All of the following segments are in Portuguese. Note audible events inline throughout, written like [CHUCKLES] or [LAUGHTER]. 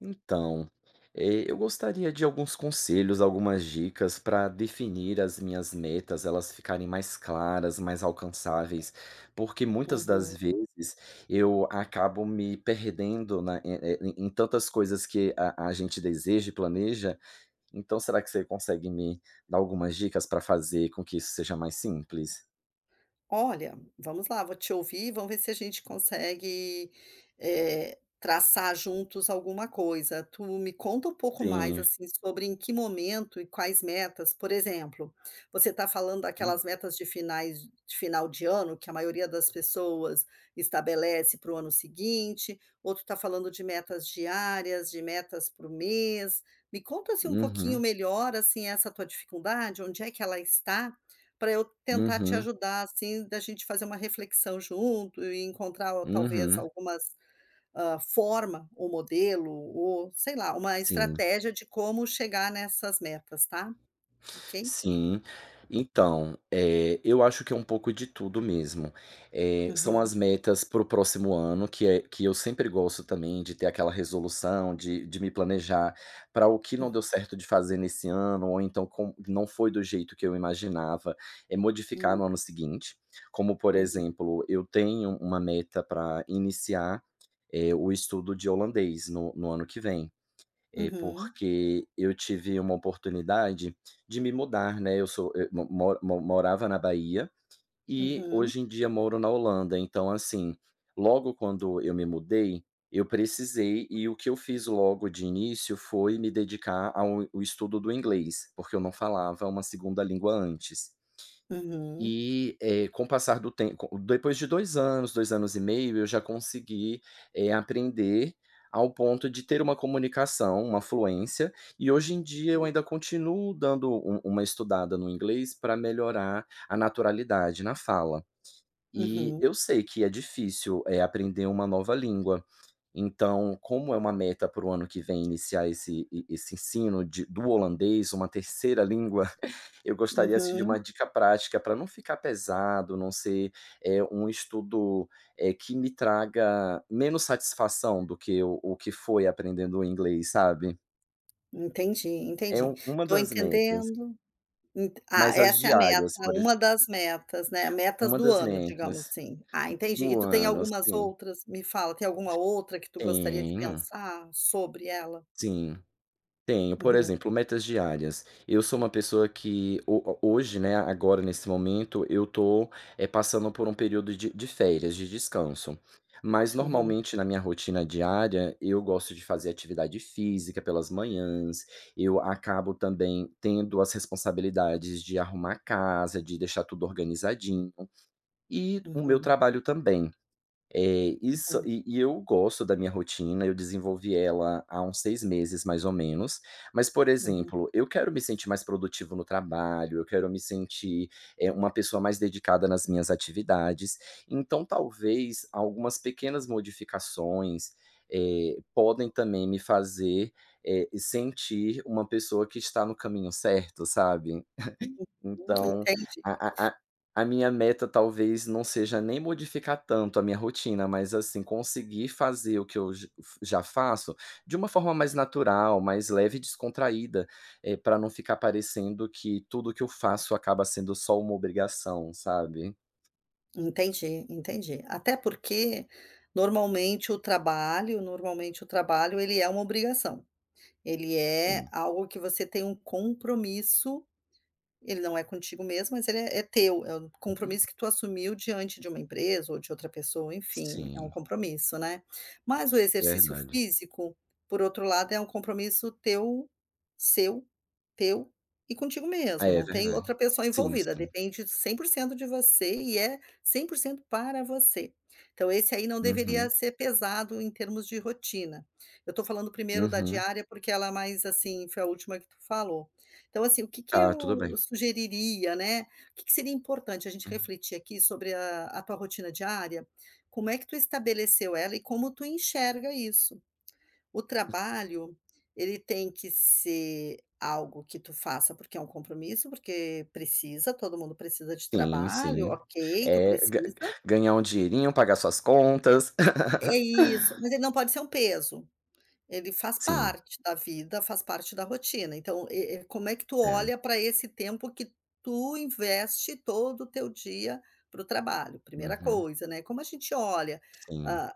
Então, eh, eu gostaria de alguns conselhos, algumas dicas pra definir as minhas metas, elas ficarem mais claras, mais alcançáveis. Porque muitas das Uhum. vezes eu acabo me perdendo na em em em tantas coisas que a a gente deseja e planeja. Então, será que você consegue me dar algumas dicas pra fazer com que isso seja mais simples? Olha, vamos lá vou te ouvir e vamos ver se a gente consegue, eh, traçar juntos alguma coisa. Tu me conta um pouco mais Sim. assim, sobre em que momento e quais metas, por exemplo, você tá falando Hum. daquelas metas de finais de final de ano que a maioria das pessoas estabelece para o ano seguinte? Ou tu tá falando de metas diárias? De metas para o mês? Me conta assim um pouquinho Uhum. melhor assim essa tua dificuldade, onde é que ela está. Pra eu tentar te Uhum. ajudar assim, da gente fazer uma reflexão junto e encontrar talvez Uhum. algumas, hã, forma ou modelo, ou sei lá, uma Sim. estratégia de como chegar nessas metas, tá. Ok? Sim. Então, eh, eu acho que é um pouco de tudo mesmo. Eh, são Uhum. as metas para o próximo ano que é que eu sempre gosto também de ter aquela resolução, de de me planejar para o que não deu Uhum. certo de fazer nesse ano, ou então com não foi do jeito que eu imaginava, eh, modificar Hum. no ano seguinte. Como por Uhum. exemplo, eu tenho uma meta pra iniciar, eh, o estudo de holandês no no ano que vem. Eh, Uhum. porque eu tive uma oportunidade de me mudar, né. Eu sou eu mo mor mo morava na Bahia, e Uhum. hoje em dia moro na Holanda. Então assim, logo quando eu me mudei, eu precisei e o que eu fiz logo de início foi me dedicar ao o estudo do inglês, porque eu não falava uma 2a língua antes. Uhum. E, eh, com o passar do tem co depois de 2 anos, 2 anos e meio eu já consegui, eh, aprender ao ponto de ter uma comunicação, uma fluência. E hoje em dia eu Hum. ainda continuo dando u uma estudada no inglês pra melhorar a naturalidade na fala. E Uhum. eu sei que é difícil, eh, aprender uma nova língua. Então, como é uma meta para o ano que vem iniciar esse esse ensino de do holandês, uma 3º língua, [CHUCKLES] eu gostaria assim de Uhum. uma dica prática pra não ficar pesado, não ser, eh, um estudo, eh, que me traga menos satisfação do que o o que foi aprendendo o inglês, sabe? Entendi É entendi. u uma Tô das metas. entendendo. Ent ah, Mais as essa é a meta, diárias por ex uma das metas, né, metas Uma do das ano, digamos metas. assim. Ah, D entendi. E do tu tem ano algumas assim. outras? Me fala tem alguma outra que tu gostaria de Tenho. pensar sobre ela? Sim. Tenho. Por Uhum. exemplo, metas diárias. Eu sou uma pessoa que ho ho hoje, né, agora nesse momento, eu tô, eh, passando por um período de de férias, de descanso. Mas Uhum. normalmente na minha rotina diária, eu gosto de fazer atividade física pelas manhãs. Eu acabo também, tendo as responsabilidades de arrumar casa, de deixar tudo organizadinho. E o meu Uhum. trabalho também. É. Isso. Uhum. E e eu gosto da minha rotina, eu desenvolvi ela há uns 6 meses mais ou menos. Mas por Uhum. exemplo, eu quero me sentir mais produtivo no trabalho, eu quero me sentir, eh, uma pessoa mais dedicada nas minhas atividades. Então talvez algumas pequenas modificações, eh, podem também me fazer, eh, sentir uma pessoa que está no caminho certo, sabe. [CHUCKLES] [UNINTELLIGIBLE] Então, Entendi. a a a a minha meta talvez não seja nem modificar tanto a minha rotina, mas assim conseguir fazer o que eu j f já faço, de uma forma mais natural, mais leve e descontraída. Eh, pra não ficar parecendo que tudo que eu faço acaba sendo só uma obrigação, sabe. Entendi entendi. Até porque, normalmente o trabalho normalmente o trabalho ele é uma obrigação. Ele é Sim. algo que você tem um compromisso. Ele não é contigo mesmo, mas ele é é teu. É o Uhum. compromisso que tu assumiu diante de uma empresa ou de outra pessoa enfim, é um Sim. compromisso, né. Mas o exercício Verdade. físico, por outro lado, é um compromisso teu seu teu e contigo Ah, mesmo. é Não tem verdade. outra pessoa Sim envolvida. sim. Depende 100% de você e é 100% para você. Então esse aí, não deveria Uhum. ser pesado em termos de rotina. Eu tô falando primeiro da Uhum. diária porque ela mais assim foi a última que tu falou. Então assim, o que que Tá. Tudo eu bem. sugeriria, né, o que que seria importante a gente Uhum. refletir aqui sobre a a tua rotina diária. Como é que tu estabeleceu ela e como tu enxerga isso. O trabalho, ele tem que ser algo que tu faça, porque é um compromisso, porque precisa. Todo mundo precisa de Sim trabalho, sim. ok, tu Eh, g precisa. ganhar um dinheirinho, pagar suas contas. É, [LAUGHS] isso, mas ele não pode ser um peso. Ele faz Sim. parte da vida, faz parte da rotina. Então e e como é que tu É. olha pra esse tempo que tu investe todo o teu dia para o trabalho? 1a Uhum. coisa, né. Como a gente olha, Sim. ah,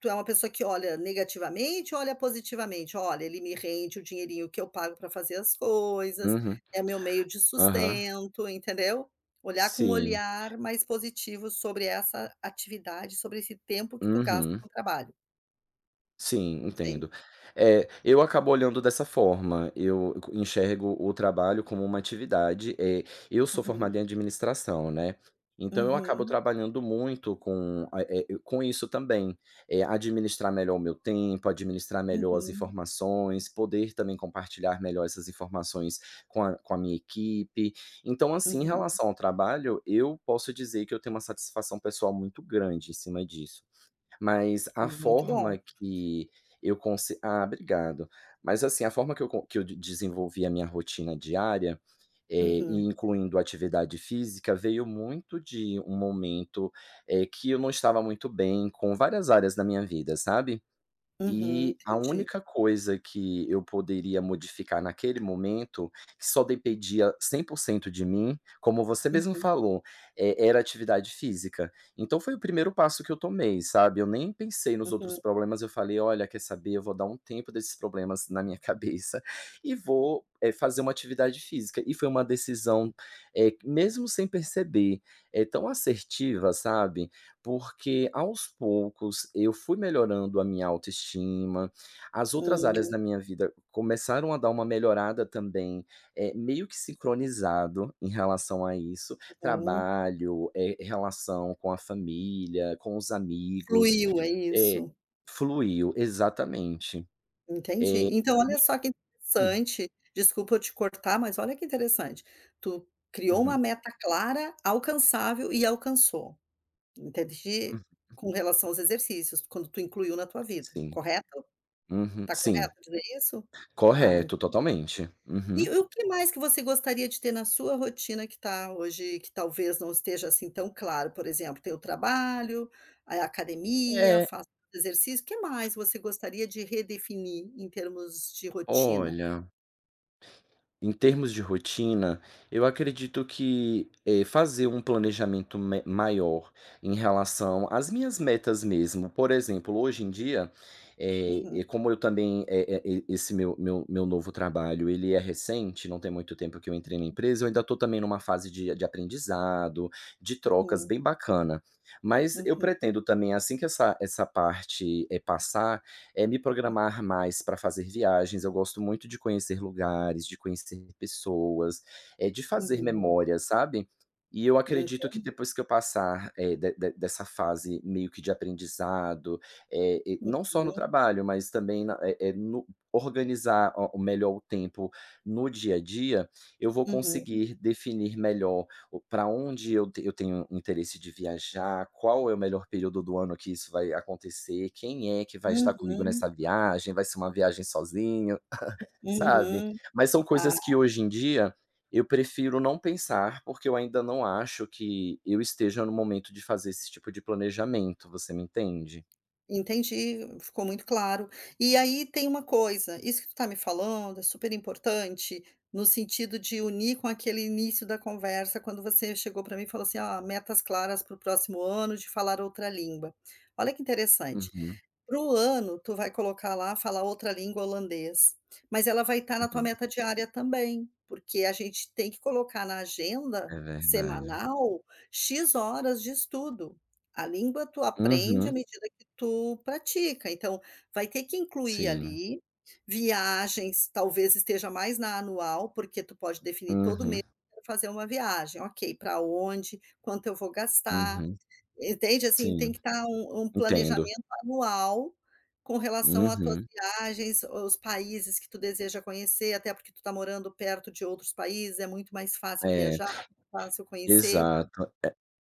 tu é uma pessoa que olha negativamente ou olha positivamente, "Olha, ele me rende o dinheirinho que eu pago para fazer as coisas. Uhum. É meu meio de Aham. sustento". Entendeu. Olhar com um Sim. olhar mais positivo sobre essa atividade. Sobre esse tempo que tu gasta Uhum. no trabalho. Sim, Não sei. entendo. Eh, eu acabo olhando dessa forma. Eu enxergo o trabalho como uma atividade. Eh, eu sou Uhum. formado em administração, né. Então eu acabo Uhum. trabalhando muito com a eh i com isso também. Eh, administrar melhor o meu tempo, administrar melhor as Uhum. informações. Poder também compartilhar melhor essas informações com a com a minha equipe. Então assim em Uhum. relação ao trabalho, eu posso dizer que eu tenho uma satisfação pessoal muito grande em cima disso. Mas a Muito forma bom. que eu cons Ah, obrigado. Mas, assim a forma que eu co que eu de desenvolvi a minha rotina diária, eh e Uhum. incluindo atividade física veio muito de um momento, eh, que eu não estava muito bem, com várias áreas da minha vida, sabe. Uhum. E a Entendi. única coisa que eu poderia modificar naquele momento, que só dependia 100% de mim, como você mesmo Uhum. falou, e era atividade física. Então foi o 1º passo que eu tomei, sabe. Eu nem pensei nos outros Uhum. problemas, eu falei: "Olha quer saber, eu vou dar um tempo desses problemas na minha cabeça, e vou, eh, fazer uma atividade física". E foi uma decisão, eh, mesmo sem perceber, eh, tão assertiva sabe. Porque aos poucos eu fui melhorando a minha autoestima. As outras áreas Hum. da minha vida começaram a dar uma melhorada também, eh, meio que sincronizado em relação a isso, Uhum. trabalho, eh, r relação com a família, com os amigos, Fluiu, é eh isso. Fluiu. Exatamente. Entendi. Eh, Então olha só que [UNINTELLIGIBLE] Hum. interessante, desculpa eu te cortar, mas olha que interessante, tu criou uma Uhum. meta clara, alcançável e alcançou. Em ter Uhum. de com relação aos exercícios, quando tu incluiu na tua vida, Sim. correto. Uhum. Tá Sim. correto dizer isso. Ah, entendi. Correto, totalmente. E Uhum. o que mais que você gostaria de ter na sua rotina que tá hoje que talvez não esteja assim tão claro, por exemplo, tem o trabalho, aí a academia, É. faz exercício. Que mais você gostaria de redefinir em termos de rotina? Olha em termos de rotina, eu acredito que, eh, fazer um planejamento me maior em relação às minhas metas mesmo. Por exemplo hoje em dia, eh, Uhum. como eu também eh eh, esse meu meu meu novo trabalho ele é recente, não tem muito tempo que eu entrei na empresa. Eu ainda tô também numa fase de de aprendizado, de trocas, Uhum. bem bacana. Mas eu Uhum. pretendo também, assim que essa essa parte, eh, passar, eh me Hum. programar mais pra fazer viagens. Eu gosto muito de conhecer lugares, de conhecer pessoas. Eh, de fazer Uhum. memória, sabe. E eu acredito que Entendi. depois que eu passar, eh, de de dessa fase meio que de aprendizado, eh, e não só no Uhum. trabalho mas também, na eh, eh, no organizar melhor o o tempo no dia a dia, eu vou Uhum. conseguir definir melhor o pra onde eu eu tenho interesse de viajar. Qual é o melhor período do ano que isso vai acontecer? Quem é que vai estar comigo Uhum. nessa viagem? Vai ser uma viagem sozinho, [CHUCKLES] sabe. Uhum. Mas são Ah coisas que hoje em dia, eu prefiro não pensar porque eu ainda não acho que eu esteja no momento de fazer esse tipo de planejamento, você me entende? Entendi. Ficou muito claro. E aí tem uma coisa isso que tu tá me falando é super importante, no sentido de unir com aquele início da conversa quando você chegou pra mim e falou assim: "Ó, metas claras para o próximo ano de falar outra língua". Olha que interessante. Uhum. Para o ano, tu vai colocar lá: falar outra língua holandês. Mas ela vai estar na tua Uhum. meta diária também, porque a gente tem que colocar na agenda É verdade. semanal x horas de estudo. A língua tu aprende à Uhum. medida que tu pratica. Então vai ter que incluir Sim. ali viagens, talvez esteja mais na anual, porque tu pode definir todo o mês, Uhum. eu quero fazer uma viagem, ok. Pra onde? Quanto eu vou gastar? Uhum. Entende, assim tem Sim. que estar um um Entendo. planejamento anual, com relação à tuas Uhum. viagens, o os países que tu deseja conhecer. Até porque tu tá morando perto de outros países. É muito mais fácil É. viajar, fácil conhecer. Exato.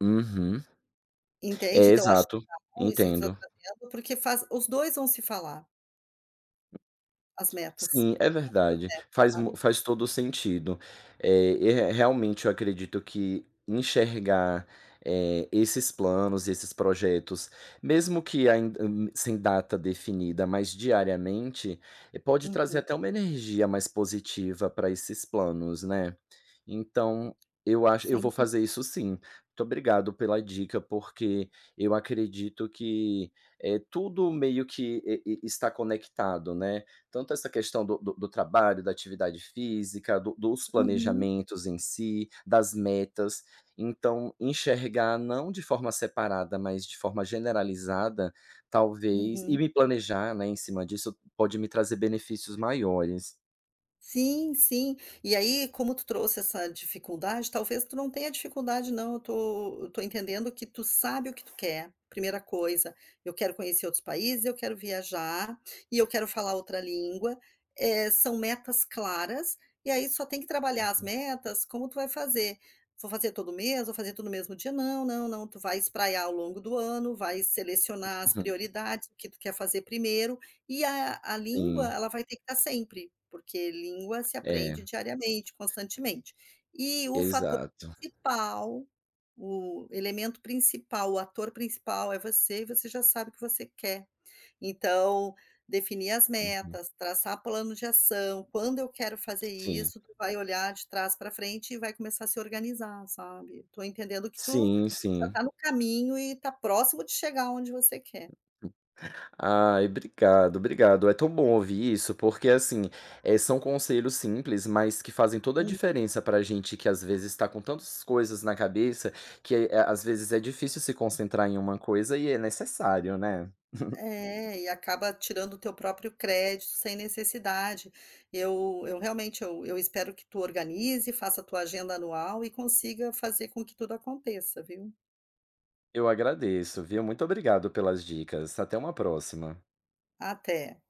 É uhum. É, Entende? Tu acha que exato. tá bom, Entendo. [UNINTELLIGIBLE] porque faz os 2 vão se falar. As metas, Sim, é as 2 verdade, metas, faz mu sabe? faz todo o sentido. É, e re realmente eu acredito que enxergar, eh, esses planos e esses projetos, mesmo que ainda, hum, sem data definida mas diariamente, pode trazer Uhum. até uma energia mais positiva para esses planos, né. Então, eu acho eu Sem vou duv fazer isso sim. Muito obrigado pela dica porque eu acredito que é tudo meio que e e está conectado, né, tanto essa questão do do do trabalho, da atividade física, do dos Uhum. planejamentos em si, das metas, então enxergar não de forma separada mas de forma generalizada, talvez, e Uhum. me planejar, né, em cima disso, pode me trazer benefícios maiores. Sim sim, e aí como tu trouxe essa dificuldade, talvez tu não tenha dificuldade não, eu estou eu estou entendendo que tu sabe o que tu quer, 1º coisa. Eu quero conhecer outros países eu quero viajar, e eu quero falar outra língua, eh, são metas claras, e aí só tem que trabalhar as Uhum. metas, como tu vai fazer. Vou fazer todo o mês, vou fazer tudo no mesmo dia. Não não não, tu vai espraiar ao longo do ano, vai selecionar as Uhum. prioridades, o que tu quer fazer 1º, e a a língua, Sim. ela vai ter que estar sempre, porque língua se É. aprende diariamente, constantemente. E o fator Exato. principal, o elemento principal, o ator principal é você e você já sabe o que você quer. Então, definir as Uhum. metas, traçar plano de ação, quando eu quero fazer Sim. isso tu vai olhar de trás para frente e vai começar a se organizar, sabe? Estou entendendo que tu, Sim já sim. está no caminho e está próximo de chegar onde você quer. Ai, obrigado, obrigado, é tão bom ouvir isso, porque assim, eh, são conselhos simples mas que fazem toda a Uhum. diferença para gente que às vezes está com tantas coisas na cabeça, que é às vezes é difícil se concentrar em uma coisa e é necessário, né. [CHUCKLES] É, e acaba tirando o teu próprio crédito sem necessidade. Eu eu realmente eu eu espero que tu organize, faça a tua agenda anual e consiga fazer com que tudo aconteça viu? Eu agradeço, viu. Muito obrigado pelas dicas. Até uma próxima. Até.